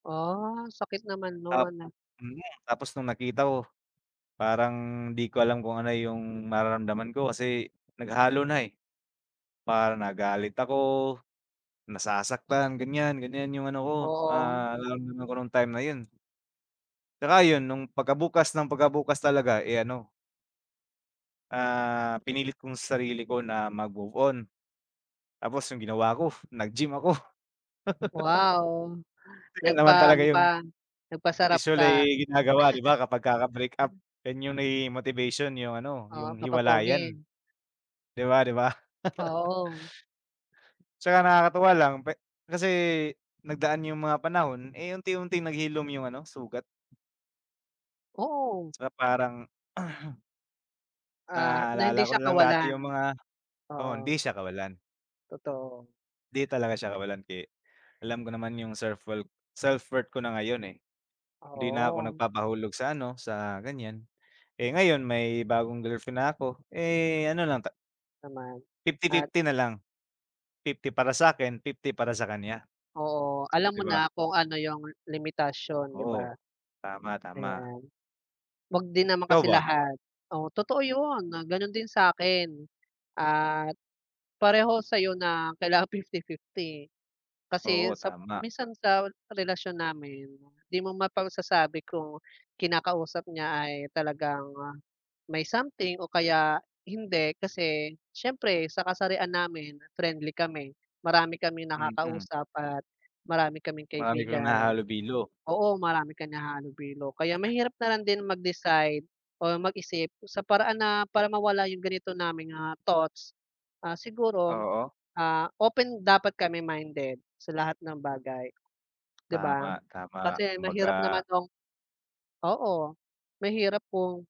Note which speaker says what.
Speaker 1: Ah, sakit naman
Speaker 2: Tap
Speaker 1: no'n.
Speaker 2: mhm, tapos nung nakita ko parang di ko alam kung ano yung mararamdaman ko kasi naghalo na, eh. Para nagalit ako, nasasaktan ganyan ganyan yung ano ko,
Speaker 1: Oo.
Speaker 2: ah, nararamdaman ko nung time na yun. Tsaka 'yun nung pagka bukas ng pagka bukas talaga, eh, ano ah, pinilit ko sa sarili ko na mag-move on. Tapos yung ginawa ko nag-gym ako.
Speaker 1: Wow,
Speaker 2: Kasi 'yun naman talaga
Speaker 1: nagpaano
Speaker 2: yung
Speaker 1: ka, nagpasarap ka.
Speaker 2: usually ginagawa 'di ba kapag kaka-breakup, yan yung nagiging motivation yung ano
Speaker 1: Ah,
Speaker 2: yung hiwalayan.
Speaker 1: papa-pogi?
Speaker 2: Di ba, 'di ba?
Speaker 1: Oo.
Speaker 2: Tsaka nakakatuwa lang pwe kasi nagdaan yung mga panahon, eh, unti-unti naghilom yung ano sugat.
Speaker 1: Oo.
Speaker 2: Saka parang
Speaker 1: Ah, na hindi
Speaker 2: Naalala ko
Speaker 1: siya
Speaker 2: nalang dati
Speaker 1: kawalan.
Speaker 2: yung mga oo, hindi
Speaker 1: Oo.
Speaker 2: siya kawalan.
Speaker 1: Totoo.
Speaker 2: 'Di talaga siya kawalan ke alam ko naman yung self wor self-worth ko na ngayon, eh. Hindi na ako
Speaker 1: Oo.
Speaker 2: nagpapahulog sa ano sa ganyan, eh, ngayon may bagong girlfriend na ko, eh, ano lang ta
Speaker 1: Naman
Speaker 2: fifty
Speaker 1: at
Speaker 2: fifty na lang. 50 para sakin, 50 para sa kanya.
Speaker 1: Oo, alam
Speaker 2: 'Di
Speaker 1: mo
Speaker 2: ba?
Speaker 1: na kung ano yung limitasyon, 'di
Speaker 2: Oo.
Speaker 1: ba?
Speaker 2: Tama, tama.
Speaker 1: Ayan. Wag din naman
Speaker 2: Ikaw
Speaker 1: kasi
Speaker 2: ba?
Speaker 1: lahat, oo totoo 'yun gano'n din sa akin at pareho sa'yo na kailangan 50-50. Kasi
Speaker 2: Oo,
Speaker 1: sa
Speaker 2: tama.
Speaker 1: minsan sa relasyon namin di mo mapagsasabi kung kinakausap niya ay talagang may something o kaya hindi. Kasi siyempre sa kasarian namin, friendly kami, marami kaming
Speaker 2: Mm.
Speaker 1: nakakausap at marami kaming
Speaker 2: Marami kang
Speaker 1: kaibigan.
Speaker 2: nakakahalubilo.
Speaker 1: Oo, marami ka nakakahalubilo kaya mahirap na lang din mag-decide o mag-isip sa paraan na para mawala yung ganito naming, ah, thoughts. Ah, siguro,
Speaker 2: Oo.
Speaker 1: ah, open dapat kami minded sa lahat ng bagay, 'di
Speaker 2: Tama,
Speaker 1: ba?
Speaker 2: tama.
Speaker 1: Kasi mahirap naman
Speaker 2: Kumbaga
Speaker 1: nung oo, mahirap kung